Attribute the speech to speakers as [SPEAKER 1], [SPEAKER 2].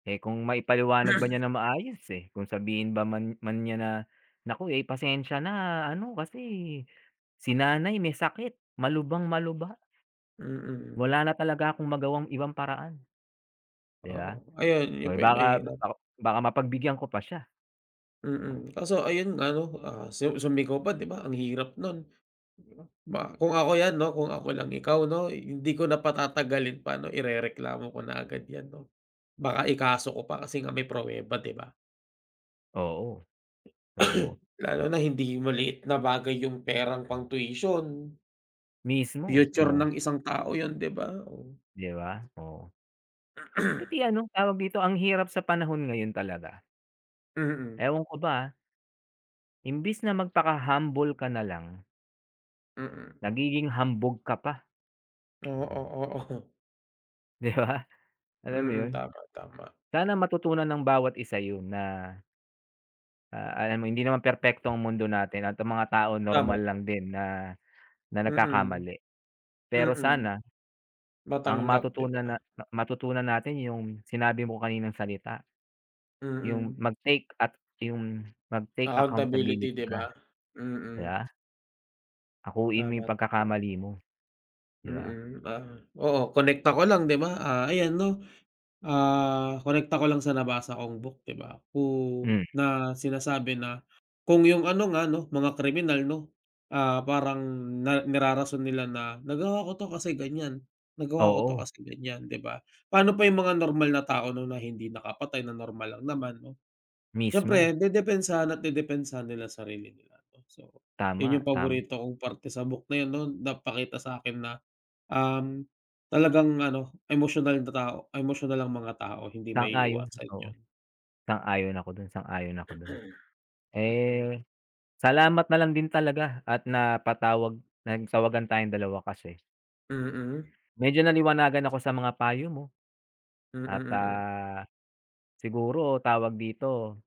[SPEAKER 1] Eh, kung maipaliwanag ba niya ng maayos, eh. Kung sabihin ba man man niya na, "Naku, eh, pasensya na ano kasi si nanay may sakit. Malubang-malubha."
[SPEAKER 2] Mm.
[SPEAKER 1] "Wala na talaga akong magawang ibang paraan," di
[SPEAKER 2] Oo.
[SPEAKER 1] ba?
[SPEAKER 2] Ayun, yun
[SPEAKER 1] Oh,
[SPEAKER 2] pa
[SPEAKER 1] eh,
[SPEAKER 2] yung
[SPEAKER 1] baka
[SPEAKER 2] mahirap.
[SPEAKER 1] baka baka mapagbigyan ko pa siya. Oh.
[SPEAKER 2] Mm. Kaso ayun ano, ah, su sumigaw pa, di ba? Ang hirap nun, di ba? Kung ako 'yan 'no, kung ako lang ikaw 'no, hindi ko na patatagalin pa 'no, irereklamo ko na agad 'yan 'no. Baka ikaso ko pa kasi nga may pruweba, di ba?
[SPEAKER 1] Oo. So
[SPEAKER 2] Lalo na hindi maliit na bagay yung perang pang-tuition.
[SPEAKER 1] Mismo,
[SPEAKER 2] Future
[SPEAKER 1] oh.
[SPEAKER 2] ng isang tao yun, di ba? Oh.
[SPEAKER 1] Di ba? Oo. Pati ano, tawag dito, ang hirap sa panahon ngayon talaga.
[SPEAKER 2] Mm.
[SPEAKER 1] Ewan ko ba, ah. Imbes na magpaka-humble ka na lang
[SPEAKER 2] Mm.
[SPEAKER 1] nagiging hambog ka pa.
[SPEAKER 2] Oo, oo.
[SPEAKER 1] Di ba? Alam mo
[SPEAKER 2] Mm.
[SPEAKER 1] yun?
[SPEAKER 2] Tama, tama.
[SPEAKER 1] Sana matutunan ng bawat isa yun na ah, alam mo hindi naman perpekto ang mundo natin at mga tao
[SPEAKER 2] Tama,
[SPEAKER 1] normal lang
[SPEAKER 2] tama.
[SPEAKER 1] din na na
[SPEAKER 2] Mm.
[SPEAKER 1] nagkakamali. Pero
[SPEAKER 2] Mm.
[SPEAKER 1] sana, ang
[SPEAKER 2] Matanggap, di
[SPEAKER 1] matutunan
[SPEAKER 2] ba?
[SPEAKER 1] na matutunan natin yung sinabi mo kaninang salita. Yung
[SPEAKER 2] Mm.
[SPEAKER 1] mag-take at yung mag-take
[SPEAKER 2] Accountability,
[SPEAKER 1] accountability
[SPEAKER 2] di ba?
[SPEAKER 1] ka. Di
[SPEAKER 2] Mm.
[SPEAKER 1] ba? Akuin mo yung
[SPEAKER 2] Tama, tama.
[SPEAKER 1] pagkakamali mo. Di ba?
[SPEAKER 2] Mm. Ah, oo, konekta ko lang di ba, ah, ayan 'no, ah, konekta ko lang sa nabasa kong book, di ba? Kung
[SPEAKER 1] Hmm.
[SPEAKER 2] na sinasabi na kung yung ano nga 'no, mga kriminal 'no, ah, parang na nirarason nila na nagawa ko 'to kasi ganyan. Nagawa ko 'to
[SPEAKER 1] Oo.
[SPEAKER 2] kasi ganyan, di ba? Pa'no pa yung mga normal na tao 'no na hindi nakapatay, na normal lang naman 'no.
[SPEAKER 1] Mismo.
[SPEAKER 2] Siyempre dedepensahan at dedepensahan nila sarili nila 'no. So, yun
[SPEAKER 1] Tama,
[SPEAKER 2] yung
[SPEAKER 1] tama.
[SPEAKER 2] paborito kong parte sa book na yun 'no. Napakita sa'kin na, um, talagang ano, emosyonal na tao emosyonal ang mga tao hindi
[SPEAKER 1] Sang-ayon.
[SPEAKER 2] maiiwasan
[SPEAKER 1] Oo.
[SPEAKER 2] yun.
[SPEAKER 1] Sang-ayon ako dun. Sang-ayon ako dun.
[SPEAKER 2] Mm.
[SPEAKER 1] Eh, salamat na lang din talaga at napatawag nagtawagan tayong dalawa kasi
[SPEAKER 2] Mm.
[SPEAKER 1] medyo naliwanagan ako sa mga payo mo
[SPEAKER 2] Mm,
[SPEAKER 1] at,
[SPEAKER 2] mm.
[SPEAKER 1] ah, siguro tawag dito